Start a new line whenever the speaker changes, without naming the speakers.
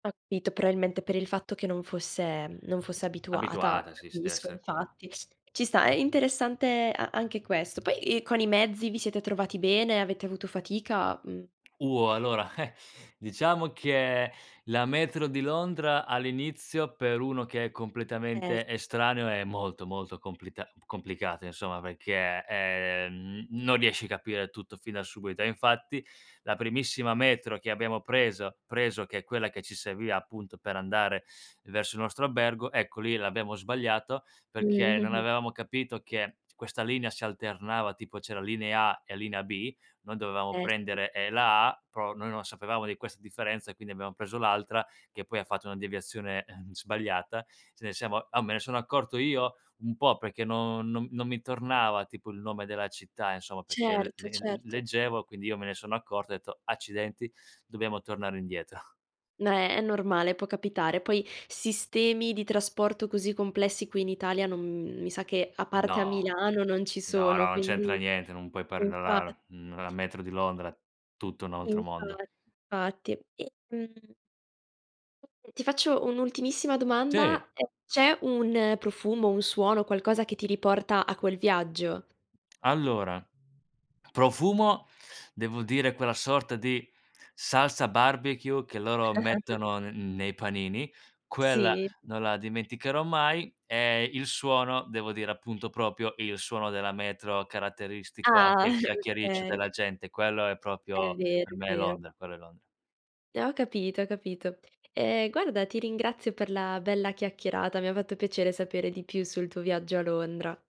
Ho capito, probabilmente per il fatto che non fosse, mhmm non fosse abituata,
Abituata, sì s deve
capisco,
esse quello.
infatti. Ci sta, è interessante a anche questo. Poi, ehm, con i mezzi vi siete trovati bene? Avete avuto fatica, mhmm
Uh, allora, eh, diciamo che la metro di Londra all'inizio, per uno che è
Eh
completamente
sì.
estraneo, è molto, molto complita complicata, insomma, perché, ehm, m non riesci capire tutto fin da subito; e infatti, la primissima metro che abbiamo preso preso, che è quella che ci serviva appunto per andare verso il nostro albergo, ecco, lì l'abbiamo sbagliato,
Mhmm.
perché non avevamo capito che questa linea si alternava, tipo c'era linea A e linea B, noi dovevamo
Eh sì.
prendere, ehm, la A, però noi non sapevamo di queste differenze, quindi abbiamo preso l'altra, che poi ha fatto una deviazione, ehm, sbagliata, ce ne siamo uhm, me ne sono accorto io, un po' perché no non non mi tornava tipo il nome della città, insomma, perché il
Certo,
le l le
certo.
leggevo, quindi io me ne sono accorto, ho detto: “Accidenti. Dobbiamo tornare indietro.“
No, è è normale, può capitare. Poi, sistemi di trasporto così complessi qui in Italia non mhmm, mi sa, che a parte a
No.
Milano non ci
No,
sono,
no, non c'entra
quindi
niente, non puoi
infa
paragonare, mhmm, la metro di Londra: tutto un altro
Infa
mondo.
fatti. E, mhmm ti faccio un'ultimissima
Sì.
domanda: ehm, c'è un profumo, un suono, qualcosa che ti riporta a quel viaggio?
Allora: profumo, devo dire quella sorta di salsa barbecue che loro mettono n nei panini: quella,
Sì.
non la dimenticherò mai. E il suono devo dire, appunto, proprio il suono della metro caratteristico, anche il
Ah!
chiacchiericcio
Okay.
della gente. Quello è
È
proprio per
vero, è
me
vero.
Londra, quello è Londra.
Eh, ho capito, ho capito. Ehm, guarda ti ringrazio per la bella chiacchierata. Mi ha fatto piacere sapere di più sul tuo viaggio a Londra.